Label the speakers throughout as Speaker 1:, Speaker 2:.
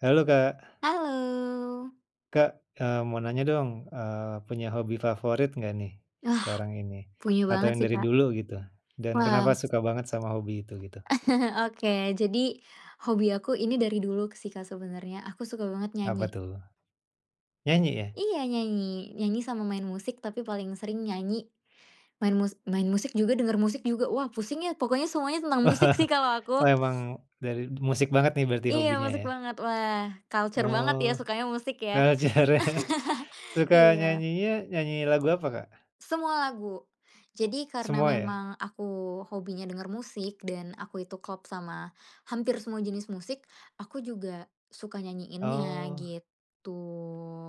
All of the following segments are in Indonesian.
Speaker 1: Halo Kak.
Speaker 2: Halo!
Speaker 1: Kak, eee, mau nanya dong. Eee, punya hobi favorit nggak nih,
Speaker 2: Ah.
Speaker 1: sekarang ini?
Speaker 2: Punya
Speaker 1: Atau
Speaker 2: banget
Speaker 1: yang
Speaker 2: sih,
Speaker 1: dari
Speaker 2: Kak.
Speaker 1: dulu, gitu. Dan, kenapa
Speaker 2: Wow, s
Speaker 1: suka banget sama hobi itu? Gitu.
Speaker 2: Oke. Jadi, hobi aku ini dari dulu sih, Kak. Sebenarnya aku suka banget
Speaker 1: Apa
Speaker 2: nyanyi.
Speaker 1: tuh? Nyanyi ya?
Speaker 2: Iya, nyanyi. Nyanyi sama main musik, tapi paling sering nyanyi. Main mus main musik juga, denger musik juga. Wah, pusing ya, pokoknya semuanya tentang musik sih, kalau aku.
Speaker 1: Emang dari musik banget nih, berarti
Speaker 2: Iya,
Speaker 1: hobinya,
Speaker 2: musik
Speaker 1: ya?
Speaker 2: banget. Wah kultur banget, ya,
Speaker 1: Oh,
Speaker 2: sukanya musik, ya.
Speaker 1: kultur ya. Suka
Speaker 2: Iya.
Speaker 1: nyanyinya, nyanyi lagu apa, Kak?
Speaker 2: Semua lagu. Jadi karena
Speaker 1: Semua, ya?
Speaker 2: memang aku hobinya denger musik, dan aku itu klop sama hampir semua jenis musik, aku juga suka nyanyiinnya,
Speaker 1: Oh.
Speaker 2: gitu.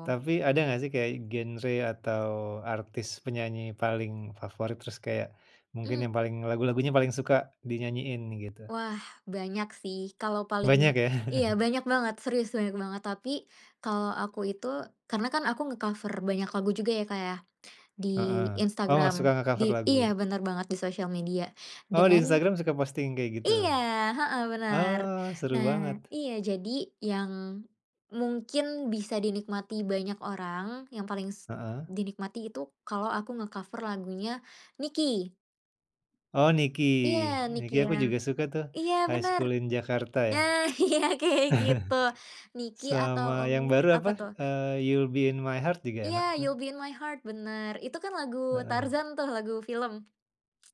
Speaker 1: Tapi ada nggak, sih kayak genre atau artis penyanyi paling favorit, terus kayak mungkin yang
Speaker 2: Mmm.
Speaker 1: paling lagu-lagunya paling suka, dinyanyiin, gitu?
Speaker 2: Wah. Banyak sih. Kalau
Speaker 1: Banyak,
Speaker 2: paling
Speaker 1: ya?
Speaker 2: iya, banyak banget, serius, banyak banget. Tapi, kalau aku itu karena kan aku ngekaver banyak lagu juga ya Kak, ya. Di
Speaker 1: Heeh. Oh
Speaker 2: Instagram.
Speaker 1: suka
Speaker 2: Di
Speaker 1: ngekover
Speaker 2: Iya
Speaker 1: lagu.
Speaker 2: bener banget di sosial media,
Speaker 1: Oh, di
Speaker 2: dengan
Speaker 1: Instagram suka posting kayak gitu.
Speaker 2: iya! Heeh, bener.
Speaker 1: Ah! seru
Speaker 2: Nah,
Speaker 1: banget.
Speaker 2: iya jadi, yang mungkin bisa dinikmati banyak orang, yang paling s
Speaker 1: Heeh?
Speaker 2: dinikmati itu, kalau aku ngekaver lagunya Niki.
Speaker 1: Oh Niki.
Speaker 2: Iya. Niki,
Speaker 1: Niki
Speaker 2: ya.
Speaker 1: aku juga suka tuh,
Speaker 2: Iya,
Speaker 1: "High
Speaker 2: bener.
Speaker 1: School in Jakarta" ya.
Speaker 2: Nah, iya kayak gitu. Niki atau
Speaker 1: Sama
Speaker 2: ng
Speaker 1: yang baru,
Speaker 2: apa
Speaker 1: apa,
Speaker 2: tuh?
Speaker 1: eee, "You'll Be In My Heart" juga
Speaker 2: Iya.
Speaker 1: enak, tuh.
Speaker 2: "You'll Be In My Heart" bener. Itu kan lagu
Speaker 1: Heeh.
Speaker 2: Tarzan tuh, lagu film.